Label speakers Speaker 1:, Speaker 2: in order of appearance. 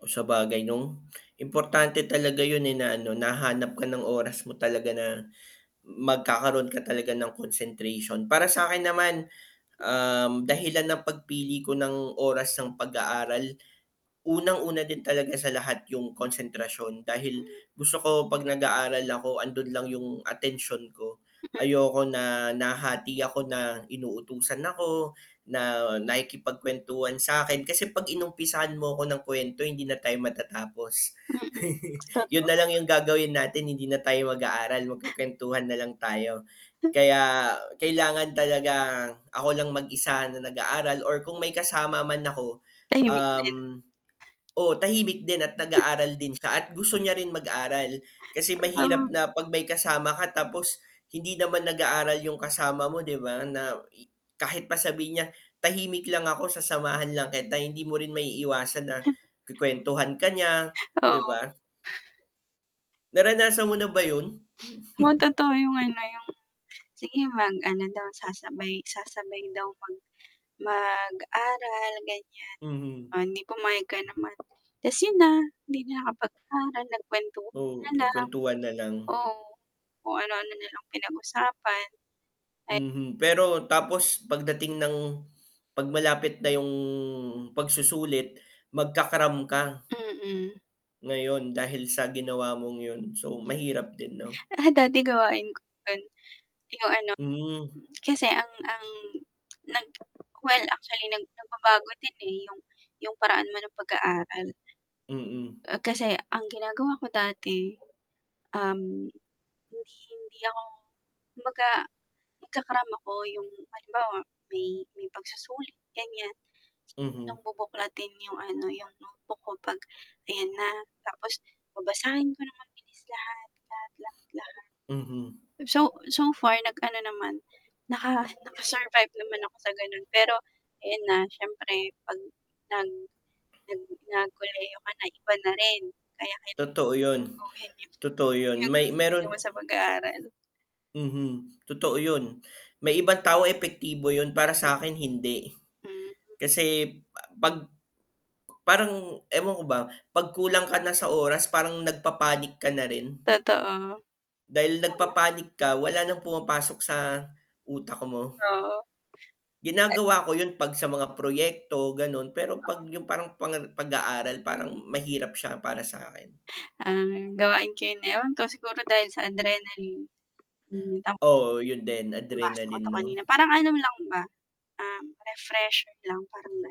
Speaker 1: Oh, sabagay nung importante talaga yun, eh, na, ano nahanap ka ng oras mo talaga na, magkakaroon ka talaga ng concentration, para sa'kin naman, um, dahilan ng pagpili ko ng oras ng pag-aaral, unang-una din talaga sa lahat yung konsentrasyon, dahil
Speaker 2: Hmm.
Speaker 1: gusto ko pag nag-aaral ako, 'andun lang yung atensyon ko, ayoko na, nahahati ako na inutusan ako, na nakikipagkwentuhan sa'kin, kasi, 'pag inumpisahan mo ko ng kwento hindi na tayo matatapos.
Speaker 2: Mm,
Speaker 1: Yun
Speaker 2: totoo.
Speaker 1: nalang yung gagawin natin, hindi na tayo mag-aaral magkukwentuhan nalang tayo. Kaya kailangan talaga, ako lang mag-isa na nag-aaral or kung may kasama man ako,
Speaker 2: Tahimik din.
Speaker 1: um, oo tahimik din at nag-aaral din siya at gusto niya rin mag-aral kasi mahirap
Speaker 2: [unintelligible]
Speaker 1: na pag may kasama ka tapos hindi naman nag-aaral yung kasama mo 'di ba? Na kahit pa sabihin niya tahimik lang ako, sasamahan lang kita, hindi mo rin maiiwasan na
Speaker 2: He
Speaker 1: kwekwentuhan ka niya
Speaker 2: Oo.
Speaker 1: 'di ba? Naranasan mo na ba yun?
Speaker 2: Oo, totoo, yung ano, yung sige mag ano daw, sasabay, sasabay daw kami, mag-aral ganyan,
Speaker 1: Mhm.
Speaker 2: oh, eh, 'di pumayag ka naman, 'tas yun na, hindi na ka pag-aaral
Speaker 1: Oo,
Speaker 2: nagkwentuhan na lang.
Speaker 1: nakwentuhan na lang.
Speaker 2: Oo, kung ano-ano nalang pinag usapan, eh
Speaker 1: Mhm, pero tapos pagdating ng 'pag malapit na yung pagsusulit magka-cram ka,
Speaker 2: Mm.
Speaker 1: ngayon dahil sa ginawa mong yun. So, mahirap din 'no.
Speaker 2: Ah, dati gawain ko yun, yung ano,
Speaker 1: Hmm.
Speaker 2: kasi, ang ang nag well actually nag, nagbabago din, eh, yung yung paraan mo ng pag-aaral.
Speaker 1: Mm.
Speaker 2: Ah, kasi, ang ginagawa ko dati, um, hindi, hindi ako kumbaga, nagka-cram ako, yung halimbawa may may pagsusulit ganyan,
Speaker 1: Mhm.
Speaker 2: bubuklatin yung ano, yung notebook ko 'pag ayan na tapos babasahin ko ng mabilis, lahat, lahat, lahat-lahat.
Speaker 1: Mhm.
Speaker 2: So, so, far nag ano naman, naka, naka-survive naman ako sa ganun, pero ayun na syempre pag nag nag nag kolehiyo ka na iba na rin kaya [unintelligible]
Speaker 1: Totoo yun,
Speaker 2: gawin
Speaker 1: totoo yun, may meron.
Speaker 2: [unintelligible] mo sa pag-aaral.
Speaker 1: Mhm, totoo yun may ibang tao epektibo yun para sakin hindi,
Speaker 2: Hmm.
Speaker 1: kasi, 'pag parang ewan ko ba 'pag kulang ka na sa oras parang nagpapanik ka na rin.
Speaker 2: Totoo.
Speaker 1: Dahil
Speaker 2: [unintelligible]
Speaker 1: nagpapanik ka wala ng pumapasok sa utak mo.
Speaker 2: Oo. E
Speaker 1: Ginagawa ko yun 'pag sa mga proyekto, ganun pero 'pag
Speaker 2: Ah.
Speaker 1: yung parang pang pag-aaral, parang mahirap siya para sa'kin.
Speaker 2: Ang gawain ko ewan ko siguro dahil sa adrenaline. Hmm, [unintelligible]
Speaker 1: Oo, yun din
Speaker 2: Nabasa ko
Speaker 1: adrenaline
Speaker 2: 'to kanina
Speaker 1: 'no.
Speaker 2: parang ano lang ba, um, refresher lang parang ganon.